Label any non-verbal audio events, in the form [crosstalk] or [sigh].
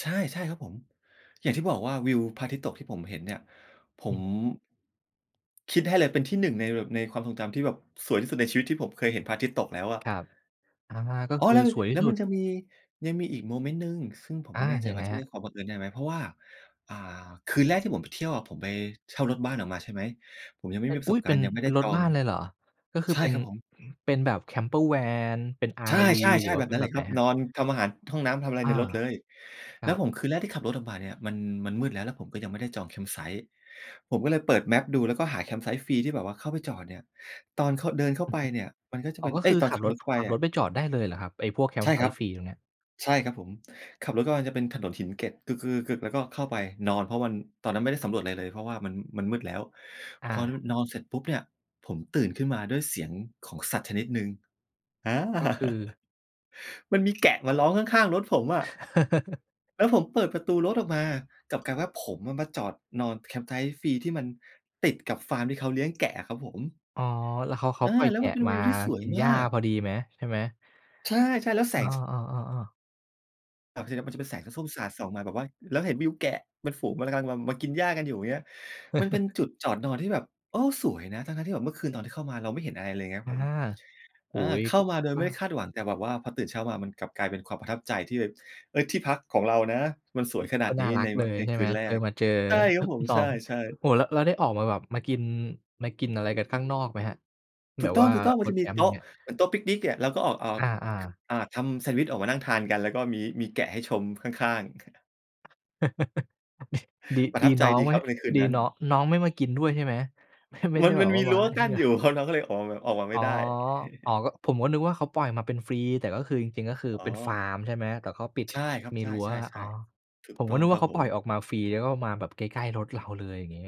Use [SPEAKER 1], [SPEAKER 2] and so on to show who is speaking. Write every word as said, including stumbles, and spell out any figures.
[SPEAKER 1] ใช่ ๆ ครับผม อย่างที่บอกว่าวิวพระอาทิตย์ตกที่ผมเห็นเนี่ย ผ
[SPEAKER 2] อื
[SPEAKER 1] ม
[SPEAKER 2] อ
[SPEAKER 1] คิดให้เลยเป็นที่ หนึ่ง ในแบบ ในความทรงจำที่แบบสวยที่สุดในชีวิตที่ผมเคยเห็นพระอาทิตย์ตกแล้วอะ
[SPEAKER 2] ครับ อา ก็
[SPEAKER 1] อ๋อ
[SPEAKER 2] คือ
[SPEAKER 1] แล้ว
[SPEAKER 2] สวยท
[SPEAKER 1] แ
[SPEAKER 2] ี
[SPEAKER 1] ล้
[SPEAKER 2] ่
[SPEAKER 1] ว
[SPEAKER 2] สุ
[SPEAKER 1] มั
[SPEAKER 2] ด
[SPEAKER 1] นจะมี ยังมีอีกโมเมนต์หนึ่ง ซึ่งผม
[SPEAKER 2] อ
[SPEAKER 1] ไม่
[SPEAKER 2] า
[SPEAKER 1] แน่ใจ
[SPEAKER 2] ยัง
[SPEAKER 1] ว่
[SPEAKER 2] ไง
[SPEAKER 1] าจะเ
[SPEAKER 2] คร
[SPEAKER 1] ร
[SPEAKER 2] ั
[SPEAKER 1] ี
[SPEAKER 2] บ?
[SPEAKER 1] ยกความบังเอิญได้ไหม เพราะว่า อ่า คืนแรกที่ผมไปเที่ยวอะ ผมไปเช่ารถบ้านออกมา ใช่ไหม ผมยังไม
[SPEAKER 2] เ
[SPEAKER 1] ่
[SPEAKER 2] อ๊
[SPEAKER 1] มี
[SPEAKER 2] ย
[SPEAKER 1] ปร
[SPEAKER 2] อ
[SPEAKER 1] ะ
[SPEAKER 2] ุ
[SPEAKER 1] ส
[SPEAKER 2] ๊
[SPEAKER 1] บ
[SPEAKER 2] ย!
[SPEAKER 1] ก
[SPEAKER 2] เป
[SPEAKER 1] าร
[SPEAKER 2] ็
[SPEAKER 1] ณ
[SPEAKER 2] น
[SPEAKER 1] ์ ยังไม่
[SPEAKER 2] เ
[SPEAKER 1] ไ
[SPEAKER 2] ป็
[SPEAKER 1] ด้
[SPEAKER 2] นร
[SPEAKER 1] จ
[SPEAKER 2] ถ
[SPEAKER 1] อ
[SPEAKER 2] บ้
[SPEAKER 1] ง
[SPEAKER 2] านเลยเหรอ? ก็คือ
[SPEAKER 1] ใช่
[SPEAKER 2] เป็น
[SPEAKER 1] ครับผม
[SPEAKER 2] เป็นแบบ Camper Van เป็น
[SPEAKER 1] ใช
[SPEAKER 2] RV หรื
[SPEAKER 1] ่
[SPEAKER 2] อ
[SPEAKER 1] ๆ
[SPEAKER 2] ว
[SPEAKER 1] ๆ
[SPEAKER 2] ่
[SPEAKER 1] แ
[SPEAKER 2] า
[SPEAKER 1] บ
[SPEAKER 2] เ
[SPEAKER 1] บ
[SPEAKER 2] ป็
[SPEAKER 1] น
[SPEAKER 2] น
[SPEAKER 1] ั้น
[SPEAKER 2] แ
[SPEAKER 1] เ
[SPEAKER 2] บ
[SPEAKER 1] ล
[SPEAKER 2] บ
[SPEAKER 1] ย
[SPEAKER 2] ไ
[SPEAKER 1] ค
[SPEAKER 2] ห
[SPEAKER 1] ร
[SPEAKER 2] น
[SPEAKER 1] ับ
[SPEAKER 2] ครั
[SPEAKER 1] น
[SPEAKER 2] บ?
[SPEAKER 1] อน ทำอาหาร ห้องน้ำ ทำอะไร
[SPEAKER 2] อา
[SPEAKER 1] ในรถเลย
[SPEAKER 2] คร
[SPEAKER 1] แล
[SPEAKER 2] ั
[SPEAKER 1] ้ว
[SPEAKER 2] บ
[SPEAKER 1] ผมคืนแรกที่ขับรถออกมาเนี่ย มัน มันมืดแล้ว แล้วผมก็ยังไม่ได้จอง campsite ผมก็เลยเปิดแมปดู แล้วก็หา campsite ฟรีที่แบบว่าเข้าไปจอดเนี่ย ตอนเข้า เดินเข้า
[SPEAKER 2] อือ
[SPEAKER 1] ไป
[SPEAKER 2] ฮึ
[SPEAKER 1] เนี่ย มันก็จะ
[SPEAKER 2] อ๋
[SPEAKER 1] เ
[SPEAKER 2] อ
[SPEAKER 1] ป็น
[SPEAKER 2] ก็
[SPEAKER 1] เอ
[SPEAKER 2] ค
[SPEAKER 1] ๊ย
[SPEAKER 2] ือ
[SPEAKER 1] ตอน
[SPEAKER 2] ขั
[SPEAKER 1] ข
[SPEAKER 2] บ
[SPEAKER 1] ับ
[SPEAKER 2] ร
[SPEAKER 1] ร
[SPEAKER 2] ถ
[SPEAKER 1] ถเข้าไป
[SPEAKER 2] ขับ
[SPEAKER 1] อ
[SPEAKER 2] ร
[SPEAKER 1] ะ
[SPEAKER 2] ถไปจอดได้เลยเหรอครับ? ไอ้พวก
[SPEAKER 1] ใช่ครับ
[SPEAKER 2] campfite ฟรีตรงเนี้ย
[SPEAKER 1] ใช่ครับผม ขับรถเข้ามาจะเป็นถนนหินเกล็ด แล้วก็เข้าไปนอน เพราะมัน ตอนนั้นไม่ได้สำรวจอะไรเลย เพราะว่า มัน มันมืดแล้ว
[SPEAKER 2] อ
[SPEAKER 1] พอ
[SPEAKER 2] า
[SPEAKER 1] นอนเสร็จปุ๊บเนี่ย ผมตื่นขึ้นมาด้วยเสียงของสัตว์ชนิดหนึ่ง อา
[SPEAKER 2] ก็คือ
[SPEAKER 1] [laughs] มันมีแกะมาร้องข้าง ๆ รถผมอะ
[SPEAKER 2] [laughs]
[SPEAKER 1] แล้วผมเปิดประตูรถออกมา กลับกลายว่าผมมาจอดนอน campsite ฟรี ที่มันติดกับฟาร์ม ที่เขาเลี้ยงแกะอะครับผม
[SPEAKER 2] อ๋อ แล้ว เขา เขา
[SPEAKER 1] อา
[SPEAKER 2] ปล่อย
[SPEAKER 1] แล
[SPEAKER 2] แ
[SPEAKER 1] ้
[SPEAKER 2] ก
[SPEAKER 1] ว
[SPEAKER 2] ะ
[SPEAKER 1] มันเป็น
[SPEAKER 2] ม
[SPEAKER 1] ว
[SPEAKER 2] า
[SPEAKER 1] ิวที่สว
[SPEAKER 2] ก
[SPEAKER 1] ย
[SPEAKER 2] ินห
[SPEAKER 1] ม
[SPEAKER 2] ญ้า
[SPEAKER 1] าก
[SPEAKER 2] พอดีไหม ใช่ไหม?
[SPEAKER 1] ใช่ ๆ แล้วแส
[SPEAKER 2] อ
[SPEAKER 1] ง
[SPEAKER 2] ้
[SPEAKER 1] ส
[SPEAKER 2] อ ๆ ๆ ๆ
[SPEAKER 1] แบบทีเนี้ย มันจะเป็นแสงส้ม ๆ สาดส่องมาแบบว่า แล้วเห็นวิวแกะเป็นฝูงมันกำลัง มา มากินหญ้ากันอยู่ เงี้ย มันเป็น
[SPEAKER 2] [chuckles]
[SPEAKER 1] จุดจอดนอนที่แบบ โอ้ สวยนะ ทั้ง ๆ ที่แบบเมื่อคืน ตอนที่เข้ามาเราไม่เห็นอะไรเลย เงี้ยค
[SPEAKER 2] อ
[SPEAKER 1] รับ
[SPEAKER 2] า
[SPEAKER 1] ผม
[SPEAKER 2] โอ
[SPEAKER 1] อ
[SPEAKER 2] ้
[SPEAKER 1] า
[SPEAKER 2] โฮ
[SPEAKER 1] เข้ามาโด
[SPEAKER 2] ก
[SPEAKER 1] ยไ
[SPEAKER 2] ็
[SPEAKER 1] ม่ได้คาดหวัง แต่แบบว่าพอตื่นเช้ามามันกลับกลายเป็นความประทับใจที่แบบ เออ ที่พักของเรานะ มันสวยขน
[SPEAKER 2] ก
[SPEAKER 1] า
[SPEAKER 2] ็
[SPEAKER 1] ด
[SPEAKER 2] น่
[SPEAKER 1] น
[SPEAKER 2] า
[SPEAKER 1] ี้
[SPEAKER 2] รั
[SPEAKER 1] ใ
[SPEAKER 2] ก
[SPEAKER 1] น
[SPEAKER 2] เลย
[SPEAKER 1] ใน
[SPEAKER 2] ใช่
[SPEAKER 1] ค
[SPEAKER 2] ไห
[SPEAKER 1] ื
[SPEAKER 2] ม?
[SPEAKER 1] นแร
[SPEAKER 2] คือ
[SPEAKER 1] ก
[SPEAKER 2] มาเจอ
[SPEAKER 1] ใช่ครับผม
[SPEAKER 2] น้
[SPEAKER 1] ใ
[SPEAKER 2] อ
[SPEAKER 1] ช
[SPEAKER 2] ง
[SPEAKER 1] ่ ๆ
[SPEAKER 2] โอ้โฮ แล้ว แล้วได้ออกมาแบบ มากิน มากินอะไรกันข้างนอกไหมครับ?
[SPEAKER 1] ถ
[SPEAKER 2] แ
[SPEAKER 1] ู
[SPEAKER 2] บ
[SPEAKER 1] ก
[SPEAKER 2] บ
[SPEAKER 1] ต้
[SPEAKER 2] ว่า
[SPEAKER 1] อง ๆ มั
[SPEAKER 2] ร
[SPEAKER 1] นจ
[SPEAKER 2] ถ
[SPEAKER 1] ะ
[SPEAKER 2] แค
[SPEAKER 1] มี
[SPEAKER 2] ม
[SPEAKER 1] โ
[SPEAKER 2] ป์
[SPEAKER 1] ต
[SPEAKER 2] อย่า
[SPEAKER 1] ๊
[SPEAKER 2] ง
[SPEAKER 1] ะ
[SPEAKER 2] เงี้ย
[SPEAKER 1] เหมือนโต๊ะปิกนิกเนี่ย เราก็ออก ออก
[SPEAKER 2] อา
[SPEAKER 1] ค
[SPEAKER 2] ๆ
[SPEAKER 1] อ่า ทำแซนด์วิชออกมานั่งทานกัน แล้วก็ มี มีแกะให้ชมข้าง ๆ [chuckles]
[SPEAKER 2] [chuckles] ด ดี
[SPEAKER 1] ประ
[SPEAKER 2] ด
[SPEAKER 1] ท
[SPEAKER 2] ี
[SPEAKER 1] ับใจ
[SPEAKER 2] น้อง
[SPEAKER 1] จริง
[SPEAKER 2] ไ
[SPEAKER 1] ๆ
[SPEAKER 2] ม
[SPEAKER 1] ค
[SPEAKER 2] ่
[SPEAKER 1] รับในคืน
[SPEAKER 2] ดี
[SPEAKER 1] นั้น
[SPEAKER 2] น้อง น้องไม่มากินด้วยใช่ไหม? เฮ้ย ไม่
[SPEAKER 1] ม
[SPEAKER 2] ไ
[SPEAKER 1] ั
[SPEAKER 2] ด้
[SPEAKER 1] น
[SPEAKER 2] แ
[SPEAKER 1] ม
[SPEAKER 2] บ
[SPEAKER 1] ัน
[SPEAKER 2] บว
[SPEAKER 1] ม
[SPEAKER 2] ่
[SPEAKER 1] ี
[SPEAKER 2] าว
[SPEAKER 1] รั
[SPEAKER 2] า
[SPEAKER 1] ้
[SPEAKER 2] ง
[SPEAKER 1] ว
[SPEAKER 2] ไอ้
[SPEAKER 1] กั
[SPEAKER 2] เ
[SPEAKER 1] ้
[SPEAKER 2] น
[SPEAKER 1] น
[SPEAKER 2] ี่
[SPEAKER 1] อ
[SPEAKER 2] ย
[SPEAKER 1] ยู่ครับ น้องก็เลย ออกมา ออกมาไ
[SPEAKER 2] อ
[SPEAKER 1] ม
[SPEAKER 2] ๋
[SPEAKER 1] ่
[SPEAKER 2] อ
[SPEAKER 1] ได้
[SPEAKER 2] อ๋อ
[SPEAKER 1] [chuckles]
[SPEAKER 2] ก็ ผมก็นึกว่า เขาปล่อยมาเป็นฟรี แต่ก็คือจริง ๆ ก็คือ
[SPEAKER 1] อ๋
[SPEAKER 2] เป็นฟา
[SPEAKER 1] อ
[SPEAKER 2] ร์มใช่ไหม? แต่เขาปิด
[SPEAKER 1] ใช่ครับ
[SPEAKER 2] มี
[SPEAKER 1] ใช
[SPEAKER 2] รั้ว อ๋อ
[SPEAKER 1] ่ ๆ ๆ ถู
[SPEAKER 2] ผ
[SPEAKER 1] ก
[SPEAKER 2] ม
[SPEAKER 1] ต
[SPEAKER 2] ก
[SPEAKER 1] ้
[SPEAKER 2] ็
[SPEAKER 1] อง
[SPEAKER 2] นึก
[SPEAKER 1] ค
[SPEAKER 2] ว
[SPEAKER 1] ร
[SPEAKER 2] ่า
[SPEAKER 1] ับ
[SPEAKER 2] เขา
[SPEAKER 1] ผ
[SPEAKER 2] ปล่อย
[SPEAKER 1] ม
[SPEAKER 2] ออกมาฟรี แล้วก็มาแบบใกล้ ๆ รถเราเลย อย่างงี้